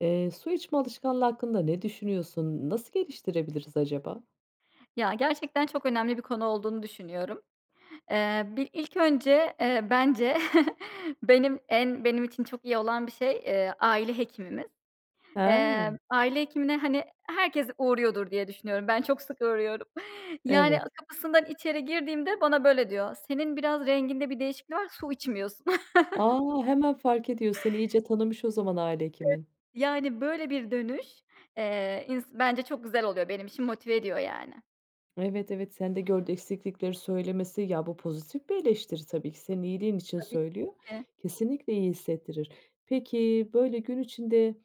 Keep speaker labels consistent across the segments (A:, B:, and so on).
A: Eee, su içme alışkanlığı hakkında ne düşünüyorsun? Nasıl geliştirebiliriz acaba?
B: Ya gerçekten çok önemli bir konu olduğunu düşünüyorum. Eee, bir ilk önce, eee, bence benim en benim için çok iyi olan bir şey, eee, aile hekimimiz.
A: He.
B: Eee, aile hekimine, hani, herkes uğruyordur diye düşünüyorum. Ben çok sık uğruyorum. Yani
A: Evet.
B: kapısından içeri girdiğimde bana böyle diyor "Senin biraz renginde bir değişiklik var, su içmiyorsun."
A: A! Hemen fark ediyor, seni iyice tanımış o zaman aile
B: [unintelligible]
A: hekimin.
B: Yani, böyle, bir dönüş, eee, ins bence çok güzel oluyor. Benim için motive ediyor yani.
A: Evet, evet. Sende gördüğü eksiklikleri söylemesi, ya, bu pozitif bir eleştiri tabii ki senin iyiliğin için
B: Tabii
A: söylüyor.
B: ki.
A: Kesinlikle iyi hissettirir. Peki, böyle, gün içinde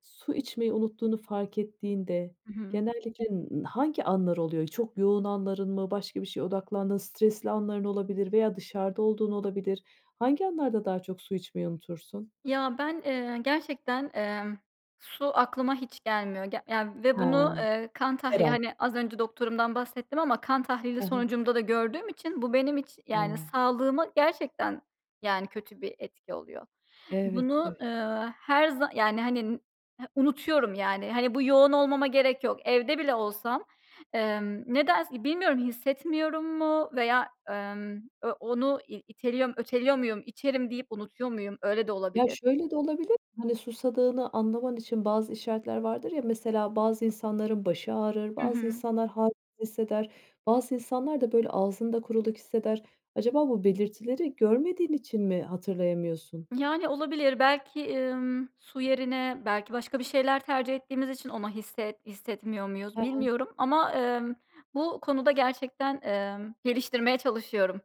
A: su içmeyi unuttuğunu fark ettiğinde
B: Hı hı.
A: genellikle n hangi anlar oluyor? Çok yoğun anların mı? Başka bir şeye odaklandığın stresli anların olabilir veya dışarıda olduğun olabilir. Hangi anlarda daha çok su içmeyi unutursun?
B: Ya ben, eee, gerçekten, emm, su aklıma hiç gelmiyor ge ya ve
A: He.
B: bunu,
A: Her
B: eee, kan tahlili,
A: an.
B: hani, az önce doktorumdan bahsettim ama kan tahlili
A: He he.
B: sonucumda da gördüğüm için bu benim iç yani,
A: He.
B: sağlığıma gerçekten, yani, kötü bir etki oluyor.
A: Evet,
B: Bunu,
A: evet.
B: ııı, her za yani, hani, unutuyorum yani. Hani, bu yoğun olmama gerek yok. Evde bile olsam, emm, nedense bilmiyorum, hissetmiyorum mu veya, emm, eee, onu i iteliyor, öteliyor muyum, içerim deyip unutuyor muyum öyle de
A: Ya
B: olabilir.
A: şöyle de olabilir, hani, susadığını anlaman için bazı işaretler vardır ya, mesela bazı insanların başı ağrır,
B: Hı
A: bazı
B: hı.
A: insanlar hâlsiz hisseder, bazı insanlar da böyle ağzında kuruluk hisseder. Acaba bu belirtileri görmediğin için mi hatırlayamıyorsun?
B: Yani, olabilir. Belki, ımm, su yerine belki başka bir şeyler tercih ettiğimiz için onu hisset hissetmiyor muyuz
A: He he.
B: bilmiyorum ama, emm, bu konuda gerçekten, emm, geliştirmeye çalışıyorum.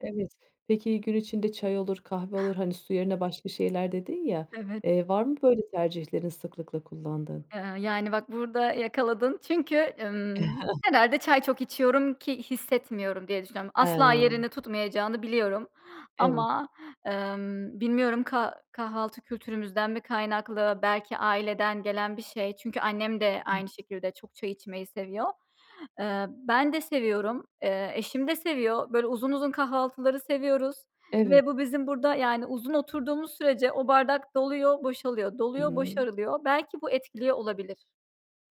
A: Evet. Peki, gün içinde çay olur, kahve olur, hani, su yerine başka şeyler, dedin ya,
B: Evet.
A: eee, var mı böyle tercihlerin sıklıkla kullandığın?
B: Eee, yani, bak burada yakaladın çünkü, ımm, herhâlde çay çok içiyorum ki hissetmiyorum diye düşünüyorum. Asla
A: He.
B: yerini tutmayacağını biliyorum
A: Evet.
B: ama, emm, bilmiyorum kah kahvaltı kültürümüzden mi kaynaklı belki aileden gelen bir şey çünkü annem de
A: Hı.
B: aynı şekilde çok çay içmeyi seviyor. Eee, ben de seviyorum, eee, eşim de seviyor. Böyle uzun uzun kahvaltıları seviyoruz
A: Evet.
B: ve bu bizim burada, yani, uzun oturduğumuz sürece o bardak doluyor, boşalıyor, doluyor,
A: [unintelligible]
B: boşarılıyor. Belki bu etkiliyor olabilir.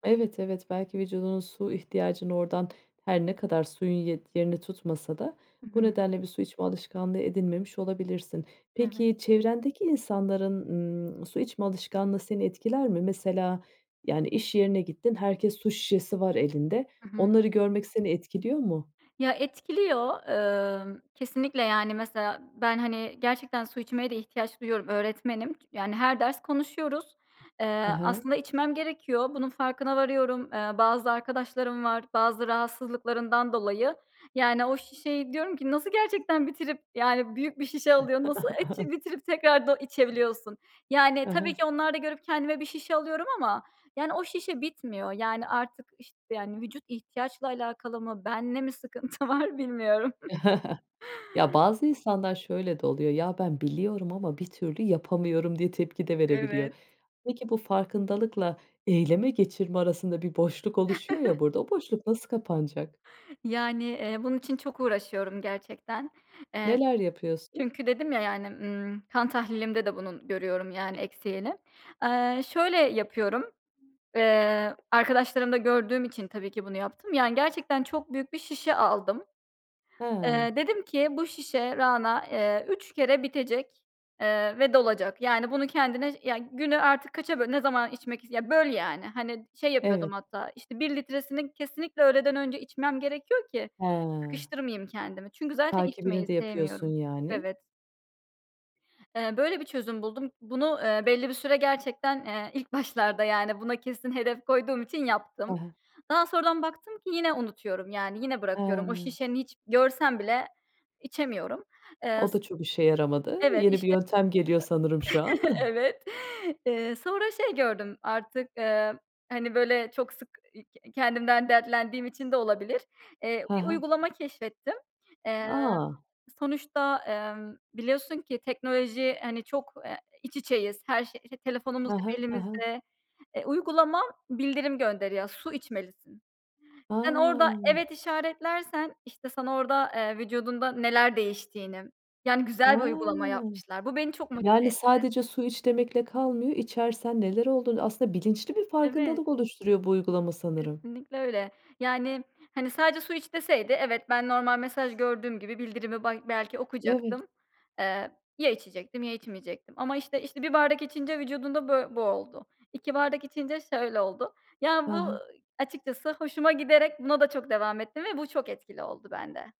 A: Evet, evet. Belki vücudunun su ihtiyacını oradan -her ne kadar suyun ye yerini tutmasa da
B: Hı
A: bu
B: hı.
A: nedenle bir su içme alışkanlığı edinmemiş olabilirsin.
B: Evet.
A: Peki, çevrendeki insanların, ımm, su içme alışkanlığı seni etkiler mi? Mesela, yani, iş yerine gittin, herkes su şişesi var elinde,
B: Hı hı.
A: onları görmek seni etkiliyor mu?
B: Ya, etkiliyor. Eee, kesinlikle, yani, mesela ben, hani, gerçekten su içmeye de ihtiyaç duyuyorum, öğretmenim. Ç yani, her ders konuşuyoruz.
A: Hı
B: Eee,
A: hı.
B: aslında içmem gerekiyor. Bunun farkına varıyorum. Eee, bazı arkadaşlarım var, bazı rahatsızlıklarından dolayı. Yani, o şişeyi diyorum ki nasıl gerçekten bitirip, yani, büyük bir şişe alıyor, nasıl [unintelligible] bitirip tekrardan içebiliyorsun? Yani,
A: Hı
B: tabii
A: hı.
B: ki onlar da görüp kendime bir şişe alıyorum ama, yani, o şişe bitmiyor. Yani, artık işt yani, vücut ihtiyaçla alakalı mı, benle mi sıkıntı var bilmiyorum.
A: Ya, bazı insanlar şöyle de oluyor; "Ya ben, biliyorum ama bir türlü yapamıyorum" diye tepki de verebiliyor.
B: Evet.
A: Peki, bu farkındalıkla, eyleme geçirme arasında bir boşluk oluşuyor ya burada, o boşluk nasıl kapanacak?
B: Yani, eee, bunun için çok uğraşıyorum gerçekten. Eee,
A: Neler yapıyorsun?
B: çünkü dedim ya, yani, ımm, kan tahlilimde de bunun görüyorum, yani, eksiğini. Eee, şöyle yapıyorum, eee, arkadaşlarımda gördüğüm için tabii ki bunu yaptım. Yani, gerçekten çok büyük bir şişe a aldım.
A: Hıı.
B: Eee, dedim ki bu şişe, Rana, eee, 3 kere bitecek, eee, ve dolacak. Yani, bunu kendine, ya, günü artık kaça böl ne zaman içmek is ya, böl, yani, hani, şey yapıyordum
A: Evet.
B: hatta, işte, 1 litresini kesinlikle öğleden önce içmem gerekiyor ki
A: Hıı.
B: sıkıştırmayayım kendimi. Çünkü zaten
A: Takibini
B: içmeyi
A: de yapıyorsun
B: sevmiyorum.
A: yani?
B: Evet. Eee, böyle bir çözüm buldum. Bunu, eee, belli bir süre gerçekten, eee, ilk başlarda, yani, buna kesin hedef koyduğum için yaptım.
A: Hı hı.
B: Daha sonradan baktım ki yine unutuyorum, yani, yine bırakıyorum. O
A: Hıı.
B: şişe hiç görsem bile içemiyorum. Eee,
A: O
B: s
A: da çok işe yaramadı.
B: evet,
A: Yeni bir
B: işte.
A: yöntem geliyor sanırım şu an.
B: Evet. Eee, sonra şey gördüm artık, eee, hani, böyle çok sık, iii, kendimden dertlendiğim için de olabilir, eee,
A: Hı
B: bir
A: hı.
B: uygulama keşfettim. Eee,
A: A!
B: sonuçta, eee, biliyorsun ki teknoloji, hani, çok, eee, iç içeyiz, her şey, işte,
A: Hı
B: telefonumuz
A: hı,
B: hep
A: hı hı.
B: elimizde. Eee, uygulama bildirim gönderiyor; su içmelisin. Sen, orada
A: A!
B: evet işaretlersen, işte, sana orada, eee, vücudunda neler değiştiğini, yani,
A: A!
B: güzel bir uygulama yapmışlar. Bu, beni çok motive
A: Yani,
B: etti.
A: sadece su iç demekle kalmıyor, içersen neler olduğunu Aslında bilinçli bir
B: Evet.
A: farkındalık oluşturuyor bu uygulama sanırım.
B: Kesinlikle öyle. Yani, hani, sadece su iç deseydi evet ben, normal mesaj gördüğüm gibi bildirimi bay belki
A: Evet.
B: okuyacaktım, eee, ya içecektim ya içmeyecektim. Ama, işte, işte, 1 bardak içince vücudunda bö bu oldu. 2 bardak içince şöyle oldu.
A: Hı
B: Ya, bu
A: hı.
B: açıkçası hoşuma giderek buna da çok devam ettim ve bu, çok etkili oldu bende.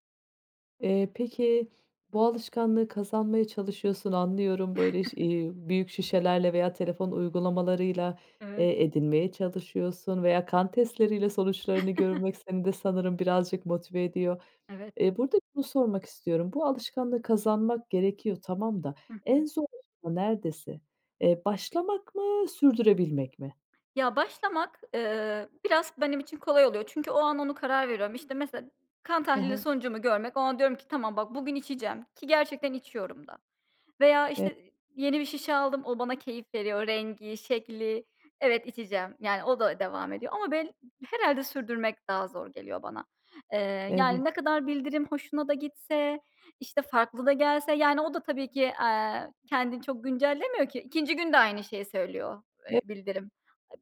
A: Eee, peki, bu alışkanlığı kazanmaya çalışıyorsun, anlıyorum, böyle şi eee, büyük şişelerle veya telefon uygulamalarıyla,
B: Evet.
A: eee, edinmeye çalışıyorsun veya kan testleriyle sonuçlarını görmek seni de sanırım birazcık motive ediyor.
B: Evet.
A: Eee, burada şunu sormak istiyorum. Bu alışkanlığı kazanmak gerekiyor, tamam da
B: Hı
A: en
B: hı.
A: zor [unintelligible] nerdesi? Eee, başlamak mı, sürdürebilmek mi?
B: Ya, başlamak, eee, biraz benim için kolay oluyor çünkü o an onu karar veriyorum. İşte, mesela kan
A: Hı
B: tahlili
A: hı.
B: sonucumu görmek o an diyorum ki "Tamam bak, bugün içeceğim" ki gerçekten içiyorum da. Veya,
A: E
B: işte, yeni bir şişe aldım; o, bana keyif veriyor rengi, şekli. Evet, içeceğim, yani, o da devam ediyor. Ama bel herhâlde sürdürmek daha zor geliyor bana. Eee, yani,
A: Evet.
B: ne kadar bildirim hoşuma da gitse, işte, farklı da gelse, yani, o da tabii ki, eee, kendini çok güncellemiyor ki 2'nci gün de aynı şeyi söylüyor,
A: E
B: eee, bildirim.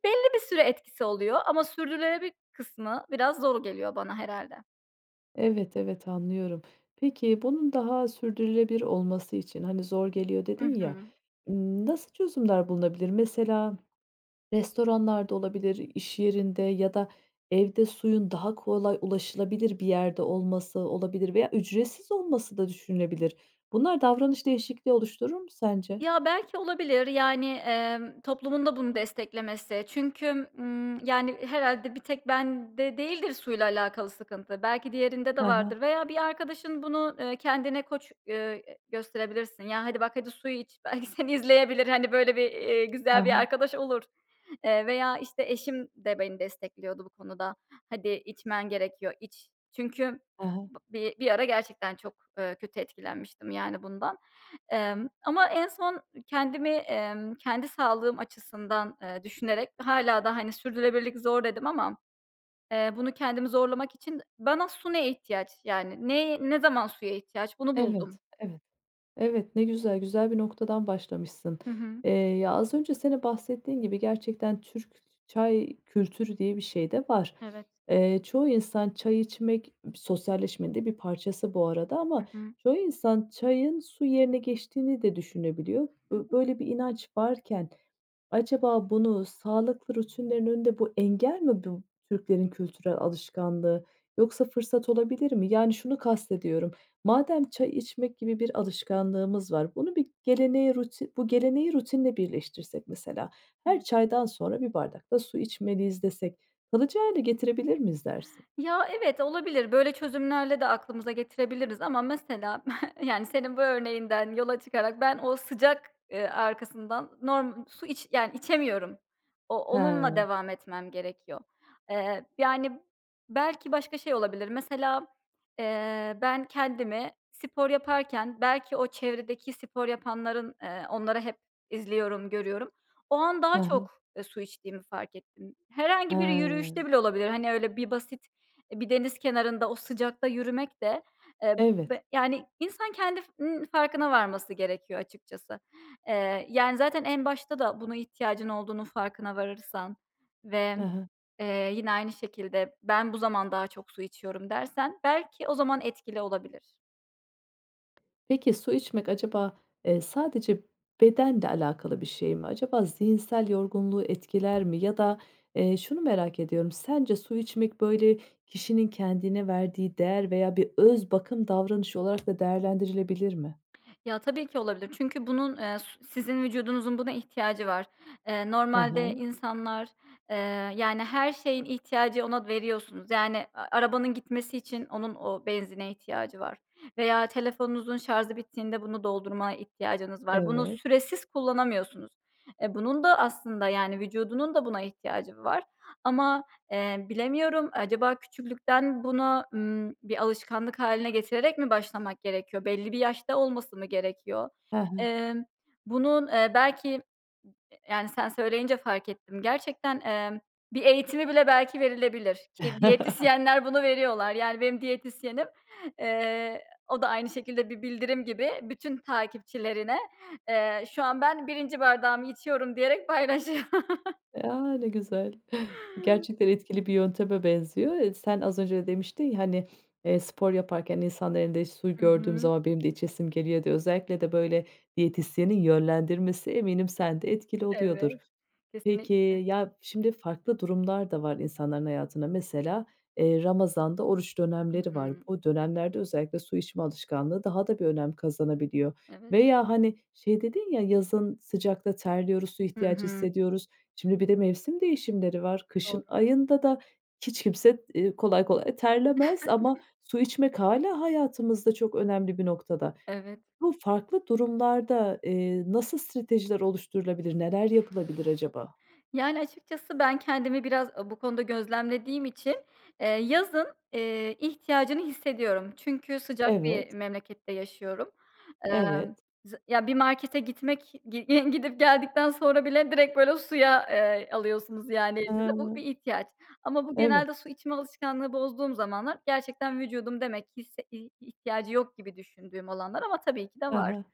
B: Belli bir süre etkisi oluyor ama sürdürülebilir kısmı biraz zor geliyor bana herhâlde.
A: Evet, evet anlıyorum, peki bunun daha sürdürülebilir olması için, hani, zor geliyor
B: Hı
A: dedin ya,
B: hı.
A: ımm, nasıl çözümler bulunabilir? Mesela restoranlar da olabilir, iş yerinde ya da evde suyun daha kolay ulaşılabilir bir yerde olması olabilir veya ücretsiz olması da düşünülebilir. Bunlar davranış değişikliği oluşturur mu sence?
B: Ya, belki olabilir. Yani, emm, toplumun da bunu desteklemesi çünkü, ımm, yani, herhâlde bir tek bende değildir suyla alakalı sıkıntı. Belki diğerinde de
A: Ha
B: vardır
A: ha.
B: veya bir arkadaşın bunu, ııı, kendine koç, eee, e, gösterebilirsin. Ya, hadi bak hadi suyu iç belki seni izleyebilir hani, böyle bir, eee,
A: Ha
B: güzel bir
A: ha.
B: arkadaş olur, eee, veya işte eşim de beni destekliyordu bu konuda. Hadi içmen gerekiyor iç. Çünkü
A: Ha ha.
B: bı bi bir ara gerçekten çok, ııı, kötü etkilenmiştim yani bundan. Emm, ama en son kendimi, emm, kendi sağlığım açısından, eee, düşünerek hâlâ da, hani, sürdürülebilirlik zor dedim ama. Eee, bunu kendimi zorlamak için bana su ne ihtiyaç, yani, ne, ne zaman suya ihtiyaç bunu buldum.
A: Evet, evet, evet. Ne güzel. Güzel bir noktadan başlamışsın.
B: Hı hı.
A: Eee, ya az önce senin bahsettiğin gibi gerçekten Türk ç çay kültürü diye bir şey de var.
B: Evet.
A: Eee, çoğu insan çay içmek sosyalleşmenin de bir parçası bu arada
B: Hı
A: ama
B: hı.
A: çoğu insan çayın su yerine geçtiğini de düşünebiliyor. B
B: [unintelligible]
A: böyle bir inanç varken acaba bunu sağlıklı rutinlerin önünde bu engel mi bu Türklerin kültürel alışkanlığı yoksa fırsat olabilir mi? Yani, şunu kastediyorum madem çay içmek gibi bir alışkanlığımız var, bunu bir geleneğe ruti bu geleneği rutinle birleştirsek mesela her
B: [unintelligible]
A: çaydan sonra bir bardak da su içmeliyiz desek, kalıcı hâle getirebilir miyiz dersin?
B: Ya, evet olabilir, böyle çözümlerle de aklımıza getirebiliriz ama mesela yani, senin bu örneğinden yola çıkarak ben o sıcak, ııı, arkasından norm su iç, yani, içemiyorum. O onunla
A: He.
B: devam etmem gerekiyor. Eee, yani, belki başka şey olabilir mesela, eee, ben kendimi spor yaparken belki o çevredeki spor yapanların, eee, onları hep izliyorum, görüyorum, o an daha
A: Ha ha.
B: çok, e, su içtiğimi fark ettim. Herhangi bir
A: He.
B: yürüyüşte bile olabilir, hani, öyle bir basit, e, bir deniz kenarında o sıcakta yürümek de. Eee,
A: Evet.
B: b yani, insan kendi n farkına varması gerekiyor açıkçası. Eee, yani, zaten en başta da buna ihtiyacın olduğunun farkına varırsan
A: Ha
B: ve,
A: ha.
B: eee, yine aynı şekilde ben bu zaman daha çok su içiyorum dersen belki o zaman etkili olabilir.
A: Peki su içmek acaba, eee, sadece bedenle alakalı bir şey mi? Acaba zihinsel yorgunluğu etkiler mi? Ya da, eee, şunu merak ediyorum, sence su içmek böyle kişinin kendine verdiği değer veya bir öz bakım davranışı olarak da değerlendirilebilir mi?
B: Ya, tabii ki olabilir çünkü bunun, eee, s sizin vücudunuzun buna ihtiyacı var. Eee,
A: Hı
B: normalde
A: hı.
B: insanlar, eee, yani, her şeyin ihtiyacı ona veriyorsunuz. Yani, a arabanın gitmesi için onun o benzine ihtiyacı var veya telefonunuzun şarjı bittiğinde bunu doldurmaya ihtiyacınız var. Bunu
A: Evet.
B: süresiz kullanamıyorsunuz. E, bunun da aslında, yani, vücudunun da buna ihtiyacı var ama, eee, bilemiyorum acaba küçüklükten buna, ımm, bir alışkanlık hâline getirerek mi başlamak gerekiyor? Belli bir yaşta olması mı gerekiyor?
A: Hı hı.
B: Emm, bunun, eee, belki, ııı, yani, sen söyleyince fark ettim gerçekten, emm, bir eğitimi bile belki verilebilir ki diyetisyenler bunu veriyorlar. Yani benim diyetisyenim, eee, o da aynı şekilde bir bildirim gibi bütün takipçilerine, eee, şu an ben 1. bardağımı içiyorum diyerek paylaşıyor.
A: A. Ne güzel gerçekten etkili bir yönteme benziyor, eee, sen az önce demiştin, ya, hani, eee, spor yaparken insanların elinde su
B: Hı
A: gördüğüm
B: hı.
A: zaman benim de içesim geliyor de özellikle de böyle diyetisyenin yönlendirmesi eminim sen de etkili oluyordur.
B: Evet,
A: Peki,
B: kesinlikle.
A: ya, şimdi farklı durumlarda var insanların hayatında mesela, eee, Ramazan'da oruç
B: Hı
A: dönemleri var.
B: hı.
A: Bu dönemlerde özellikle su içme alışkanlığı daha da bir önem kazanabiliyor
B: Evet.
A: veya hani şey dedin, ya, yazın sıcakta terliyoruz, su
B: Hı
A: ihtiyacı
B: hı.
A: hissediyoruz, şimdi bir de mevsim değişimleri var,
B: Doğru.
A: kışın ayında da hiç kimse, eee, kolay kolay terlemez ama su içmek hâlâ hayatımızda çok önemli bir noktada.
B: Evet.
A: Bu farklı durumlarda, eee, nasıl stratejiler oluşturulabilir, neler yapılabilir acaba?
B: Yani, açıkçası ben kendimi biraz o bu konuda gözlemlediğim için, eee, yazın, eee, ihtiyacını hissediyorum çünkü sıcak
A: Evet.
B: bir memlekette yaşıyorum. Emm,
A: Evet.
B: z ya, bir markete gitmek gi gidip geldikten sonra bile direkt böyle suya, eee, alıyorsunuz yani elinize, bu bir
A: Hıı.
B: ihtiyaç ama bu
A: Evet.
B: genelde su içme alışkanlığı bozduğum zamanlar gerçekten vücudum demek ki hisse hi ihtiyacı yok gibi düşündüğüm olanlar ama tabii ki de
A: Hı
B: var.
A: hı.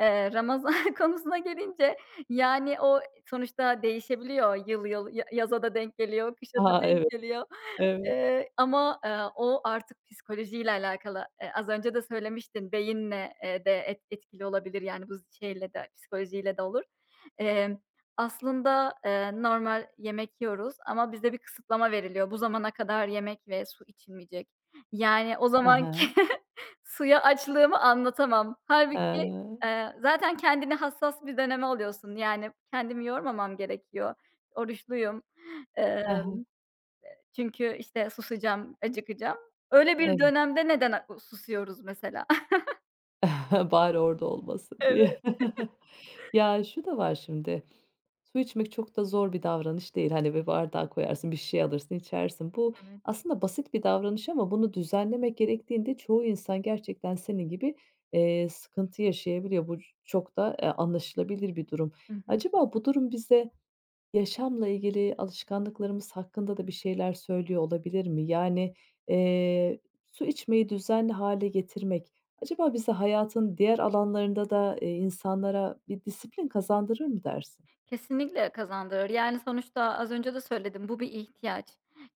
B: Eee Ramazan konusuna gelince, yani, o sonuçta değişebiliyor yıl yıl, ya yaza da denk geliyor, kışa da
A: A.
B: denk
A: Evet.
B: geliyor.
A: Evet.
B: Eee, ama, eee, o artık psikolojiyle alakalı, eee, az önce de söylemiştin beyinle, eee, de et etkili olabilir, yani, bu z şeyle de psikolojiyle de olur. Emm, aslında, eee, normal yemek yiyoruz ama bize bir kısıtlama veriliyor. Bu zamana kadar yemek ve su içilmeyecek. Yani, o
A: Hı
B: zamanki
A: hı.
B: suya açlığımı anlatamam. Hâlbuki,
A: A.
B: eee, zaten kendini hassas bir döneme alıyorsun. Yani, kendimi yormamam gerekiyor. Oruçluyum.
A: Hı
B: Eee,
A: hı.
B: çünkü, işte, susacağım, acıkacağım. Öyle bir
A: Evet.
B: dönemde neden, a, susuyoruz mesela?
A: Bari orada olmasın, diye.
B: Evet.
A: Ya, şu da var şimdi. Su içmek çok da zor bir davranış değil. Hani, bir bardağa koyarsın, bir şişeye alırsın, içersin. Bu
B: Evet.
A: aslında basit bir davranış ama bunu düzenlemek gerektiğinde çoğu insan gerçekten senin gibi, eee, sıkıntı yaşayabiliyor. Bu çok da, eee, anlaşılabilir bir durum.
B: Hı hı.
A: Acaba bu durum bize yaşamla ilgili alışkanlıklarımız hakkında da bir şeyler söylüyor olabilir mi? Yani, eee, su içmeyi düzenli hâle getirmek, acaba bize hayatın diğer alanlarında da, eee, insanlara bir disiplin kazandırır mı dersin?
B: Kesinlikle kazandırır. Yani, sonuçta az önce de söyledim, bu bir ihtiyaç.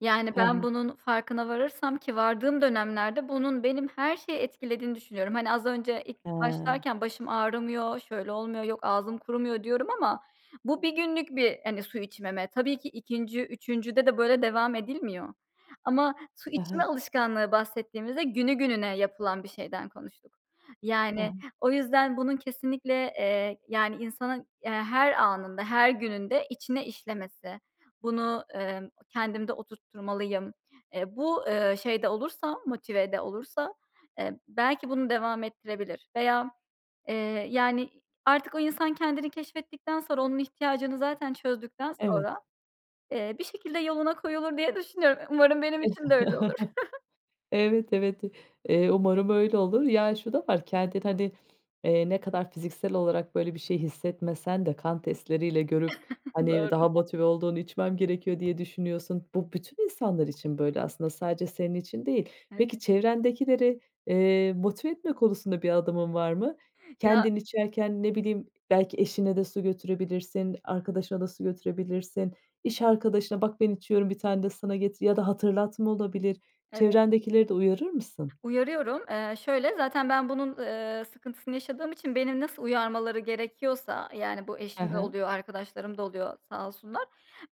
B: Yani,
A: He
B: ben
A: he.
B: bunun farkına varırsam ki vardığım dönemlerde bunun benim her şeyi etkilediğini düşünüyorum. Hani, az önce ilk
A: He.
B: başlarken başım ağrımıyor, şöyle olmuyor, yok ağzım kurumuyor, diyorum ama bu 1 günlük bir, hani, su içmeme. Tabii ki 2'nci, 3'üncüde de böyle devam edilmiyor. Ama su
A: He
B: içme
A: he.
B: alışkanlığı bahsettiğimizde günü gününe yapılan bir şeyden konuştuk.
A: He
B: Yani,
A: he.
B: o yüzden bunun kesinlikle, eee, yani, insanın, eee, her anında, her gününde içine işlemesi, bunu, emm, kendimde oturtturmalıyım, eee, bu, eee, şeyde olursa, motivede olursa, eee, belki bunu devam ettirebilir veya, eee, yani, artık o insan kendini keşfettikten sonra onun ihtiyacını zaten çözdükten
A: Evet.
B: sonra, eee, bir şekilde yoluna koyulur diye düşünüyorum. Umarım benim
A: E
B: için de öyle olur.
A: evet, evet, i eee, umarım öyle olur. Yani, şu da var, kendin, hani, eee, ne kadar fiziksel olarak böyle bir şey hissetmesen de, kan testleriyle görüp, hani,
B: Doğru.
A: daha motive olduğunu içmem gerekiyor, diye düşünüyorsun. Bu, bütün insanlar için böyle aslında, sadece senin için değil.
B: Evet.
A: Peki, çevrendekileri, eee, motive etme konusunda bir adımın var mı?
B: Ya
A: Kendin içerken, ne bileyim, belki eşine de su götürebilirsin, arkadaşına da su götürebilirsin, iş arkadaşına "Bak, ben içiyorum, bir tane de sana getir" ya da hatırlatma olabilir,
B: Evet.
A: çevrendekileri de uyarır mısın?
B: Uyarıyorum. Eee, şöyle zaten ben bunun, eee, sıkıntısını yaşadığım için beni nasıl uyarmaları gerekiyorsa, yani, bu
A: He
B: eşim de
A: he.
B: oluyor, arkadaşlarım da oluyor, sağ olsunlar.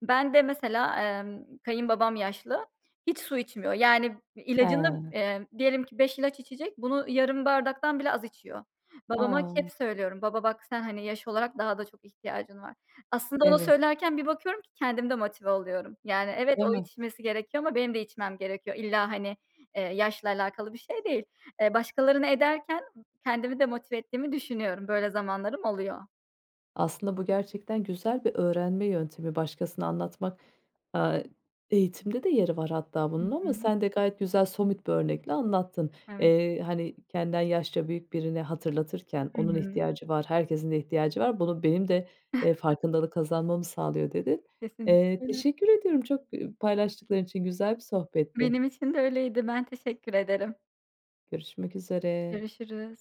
B: Ben de mesela, emm, kayınbabam yaşlı. Hiç su içmiyor. Yani, ilacını,
A: He.
B: eee, diyelim ki, 5 ilaç içecek bunu yarım bardaktan bile az içiyor. Babama hep
A: A!
B: söylüyorum. "Baba, bak, sen, hani, yaş olarak daha da çok ihtiyacın var." Aslında onu
A: Evet.
B: söylerken bir bakıyorum ki kendim de motive oluyorum. Yani, evet,
A: Değil
B: o
A: mi!
B: içmesi gerekiyor ama benim de içmem gerekiyor. İlla, hani, eee, yaşla alakalı bir şey değil. Eee, başkalarını ederken kendimi de motive ettiğimi düşünüyorum. Böyle zamanlarım oluyor.
A: Aslında bu gerçekten güzel bir öğrenme yöntemi, başkasına anlatmak, aaa, eğitimde de yeri var hatta
B: Hı
A: bunun ama
B: hı.
A: sen de gayet güzel, somut bir örnekle anlattın.
B: Evet.
A: Eee, hani, kendinden yaşça büyük birine hatırlatırken
B: Hı
A: onun
B: hı.
A: ihtiyacı var, herkesin ihtiyacı var, bunu benim de, eee, farkındalık kazanmamı sağlıyor, dedin.
B: Kesinlikle
A: Eee,
B: öyle.
A: teşekkür ediyorum, çok, ııı, paylaştıkların için güzel bir sohbetti.
B: Benim için de öyleydi. Ben teşekkür ederim.
A: Görüşmek üzere.
B: Görüşürüz.